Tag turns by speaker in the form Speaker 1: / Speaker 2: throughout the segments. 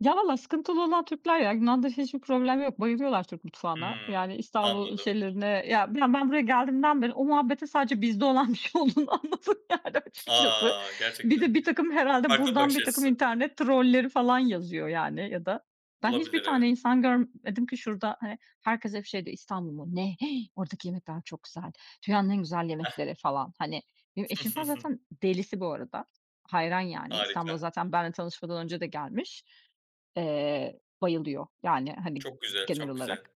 Speaker 1: Ya vallahi sıkıntılı olan Türkler ya, Yunan'da hiçbir problem yok, bayılıyorlar Türk mutfağına.
Speaker 2: Hıı.
Speaker 1: Yani İstanbul
Speaker 2: Anladım.
Speaker 1: şeylerine, ya, ben ben buraya geldiğimden beri o muhabbetin sadece bizde olan bir şey olduğunu anladım yani açıkçası.
Speaker 2: A!
Speaker 1: Bir
Speaker 2: Gerçekten
Speaker 1: de birtakım herhâlde
Speaker 2: farklı
Speaker 1: buradan
Speaker 2: bakış
Speaker 1: birtakım
Speaker 2: açısı.
Speaker 1: internet trolleri falan yazıyor, yani, ya da ben hiçbir
Speaker 2: Olabilir
Speaker 1: tane
Speaker 2: evet.
Speaker 1: insan görmedim ki şurada, hani, herkes hep şey diyor "İstanbul mu? Ne? Oradaki yemekler çok güzel. Dünyanın en güzel
Speaker 2: Heh.
Speaker 1: yemekleri" falan. Hani, benim eşim falan zaten delisi bu arada. Hayran yani İstanbul'a
Speaker 2: Harika.
Speaker 1: zaten benimle tanışmadan önce de gelmiş. Eee, bayılıyor yani, hani,
Speaker 2: Çok güzel,
Speaker 1: genel
Speaker 2: çok güzel.
Speaker 1: olarak.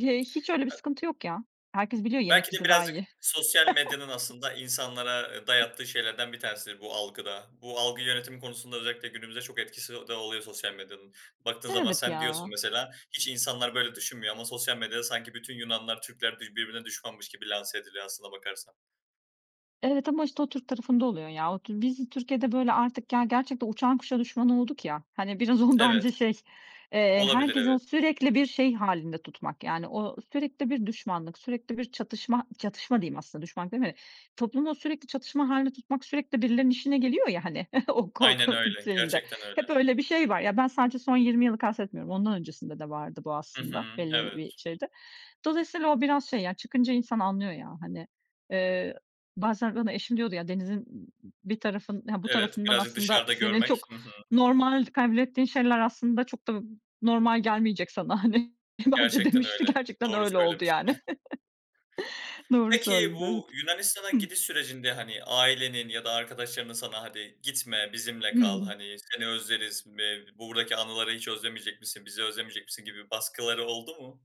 Speaker 1: He hiç öyle bir
Speaker 2: [unintelligible]
Speaker 1: sıkıntı yok ya. Herkes biliyor, yemek
Speaker 2: Belki de
Speaker 1: bizde daha
Speaker 2: birazcık
Speaker 1: iyi.
Speaker 2: sosyal medyanın aslında insanlara, ııı, dayattığı şeylerden bir tanesidir bu algı da. Bu algı yönetimi konusunda özellikle günümüzde çok etkisi de oluyor sosyal medyanın. Baktığın zaman
Speaker 1: Evet
Speaker 2: sen diyorsun
Speaker 1: ya.
Speaker 2: mesela hiç insanlar böyle düşünmüyor ama sosyal medyada sanki bütün Yunanlar Türkler bir birbirine düşmanmış gibi lanse ediliyor aslına bakarsan.
Speaker 1: Evet ama işte o Türk tarafında oluyor ya. O tür biz Türkiye'de böyle artık, ya, gerçekten uçan kuşa düşman olduk ya, hani, biraz o
Speaker 2: Evet.
Speaker 1: bence şey, eee,
Speaker 2: Olabilir
Speaker 1: herkesi o
Speaker 2: evet.
Speaker 1: sürekli bir şey hâlinde tutmak. Yani o sürekli bir düşmanlık, sürekli bir çatışma, çatışma diyeyim aslında, düşmanlık deme Toplumu sürekli çatışma hâlinde tutmak sürekli birilerinin işine geliyor ya hani o
Speaker 2: Aynen
Speaker 1: korku
Speaker 2: öyle,
Speaker 1: şeyinde.
Speaker 2: gerçekten
Speaker 1: Hep
Speaker 2: öyle.
Speaker 1: öyle bir şey var, ya, ben sadece son 20 yılı kastetmiyorum, ondan öncesinde de vardı bu
Speaker 2: Hı
Speaker 1: aslında
Speaker 2: hı,
Speaker 1: belli bir
Speaker 2: evet.
Speaker 1: [unintelligible] Dolayısıyla o biraz şey ya çıkınca insan anlıyor ya hani, eee, bazen bana eşim diyordu, ya, denizin b b bir tarafın ha bu
Speaker 2: Evet,
Speaker 1: tarafından
Speaker 2: birazcık
Speaker 1: aslında
Speaker 2: dışarıda
Speaker 1: senin
Speaker 2: görmek.
Speaker 1: çok
Speaker 2: Hı hı.
Speaker 1: normal kabul ettiğin şeyler aslında çok da b normal gelmeyecek sana. Hani, bence
Speaker 2: Gerçekten
Speaker 1: demişti,
Speaker 2: öyle,
Speaker 1: gerçekten
Speaker 2: doğru
Speaker 1: öyle oldu,
Speaker 2: söylemiştir. Heh.
Speaker 1: yani. Doğru
Speaker 2: Peki
Speaker 1: söyledi.
Speaker 2: bu
Speaker 1: Evet.
Speaker 2: Yunanistan'a
Speaker 1: Hı.
Speaker 2: gidiş sürecinde, hani ,ailenin ya da arkadaşlarının sana "Hadi gitme, bizimle kal,
Speaker 1: Hımm.
Speaker 2: hani, seni özleriz, be buradaki anıları hiç özlemeyecek misin, bizi özlemeyecek misin" gibi baskıları oldu mu?